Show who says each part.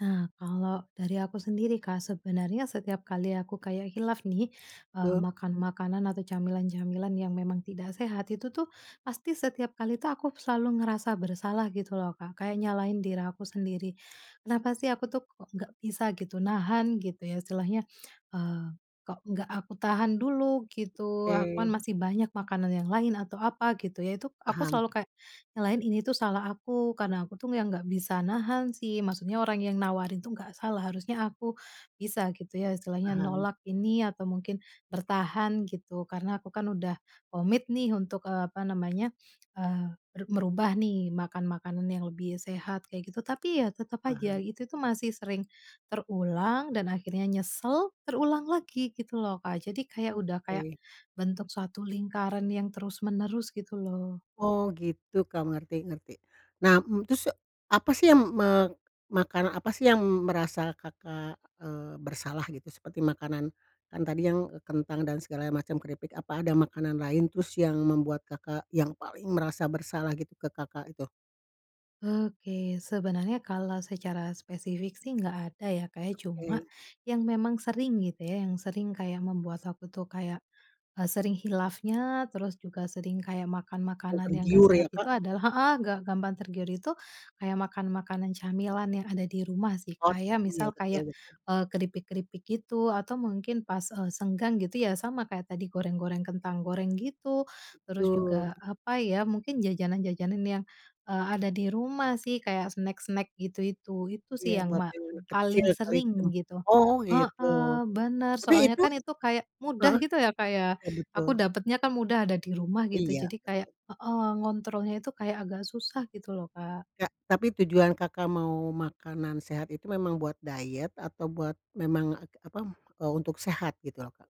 Speaker 1: Nah, kalau dari aku sendiri Kak, sebenarnya setiap kali aku kayak khilaf nih, eee,
Speaker 2: Oh.
Speaker 1: makan makanan atau camilan-camilan yang memang tidak sehat itu tuh, pasti setiap kali tuh aku selalu ngerasa bersalah gitu loh Kak. Kayak nyalahin diri aku sendiri. Kenapa sih aku tuh kok nggak bisa gitu nahan gitu ya istilahnya, eee, kok nggak aku tahan dulu gitu, aku kan
Speaker 2: Oke.
Speaker 1: masih banyak makanan yang lain atau apa gitu ya, itu aku
Speaker 2: Paham.
Speaker 1: selalu kayak nyalahin ini tuh salah aku, karena aku tuh yang enggak bisa nahan sih, maksudnya orang yang nawarin tuh nggak salah, harusnya aku bisa gitu ya istilahnya
Speaker 2: Paham.
Speaker 1: nolak ini atau mungkin bertahan gitu karena aku kan udah komit nih untuk, eee, apa namanya? Eee, ber merubah nih makan makanan yang lebih sehat kayak gitu, tapi ya tetap aja
Speaker 2: Paham.
Speaker 1: itu tuh masih sering terulang dan akhirnya nyesel, terulang lagi gitu loh Kak jadi kayak udah kayak
Speaker 2: Oke.
Speaker 1: bentuk suatu lingkaran yang terus-menerus gitu loh.
Speaker 2: Oh, gitu, Kak, ngerti ngerti. Nah, m terus e apa sih yang m me makanan apa sih yang merasa Kakak, eee, bersalah gitu seperti makanan kan tadi yang e kentang dan segalanya macam keripik, apa ada makanan lain terus yang membuat Kakak yang paling merasa bersalah gitu ke Kakak itu?
Speaker 1: Oke, sebenarnya kalau secara spesifik sih nggak ada ya, Kak ya cuma
Speaker 2: Oke.
Speaker 1: yang memang sering gitu ya, yang sering kayak membuat aku tuh kayak, eee, sering khilafnya terus juga sering kayak makan
Speaker 2: Oh,
Speaker 1: makanan yang enggak
Speaker 2: tergiur ya
Speaker 1: sehat itu
Speaker 2: Kak.
Speaker 1: adalah heeh, nggak gampang tergiur itu kayak makan makanan camilan yang ada di rumah sih
Speaker 2: Oh,
Speaker 1: kayak
Speaker 2: tak iya,
Speaker 1: misal,
Speaker 2: betul
Speaker 1: kayak,
Speaker 2: betul.
Speaker 1: eee, keripik-keripik gitu atau mungkin pas, eee, senggang gitu ya sama kayak tadi goreng-goreng kentang goreng gitu, terus
Speaker 2: Betul.
Speaker 1: juga apa ya? Mungkin jajanan-jajanan yang, eee, ada di rumah sih kayak snack-snack gitu itu, itu
Speaker 2: Iya,
Speaker 1: sih yang
Speaker 2: buat
Speaker 1: ma
Speaker 2: yang anak kecil
Speaker 1: paling
Speaker 2: kali teng
Speaker 1: sering gitu.
Speaker 2: oh, gitu.
Speaker 1: Heeh, benar,
Speaker 2: Tapi
Speaker 1: soalnya
Speaker 2: itu
Speaker 1: kan itu kayak mudah
Speaker 2: heeh,
Speaker 1: gitu ya, Kak, ya
Speaker 2: iya
Speaker 1: aku
Speaker 2: betul.
Speaker 1: dapatnya kan mudah ada di rumah gitu
Speaker 2: Iya,
Speaker 1: jadi kayak
Speaker 2: betul.
Speaker 1: heeh, ngontrolnya itu kayak agak susah gitu loh Kak.
Speaker 2: Kak, tapi tujuan Kakak mau makanan sehat itu memang buat diet atau buat memang a k apa? Eee, untuk sehat gitu loh Kak?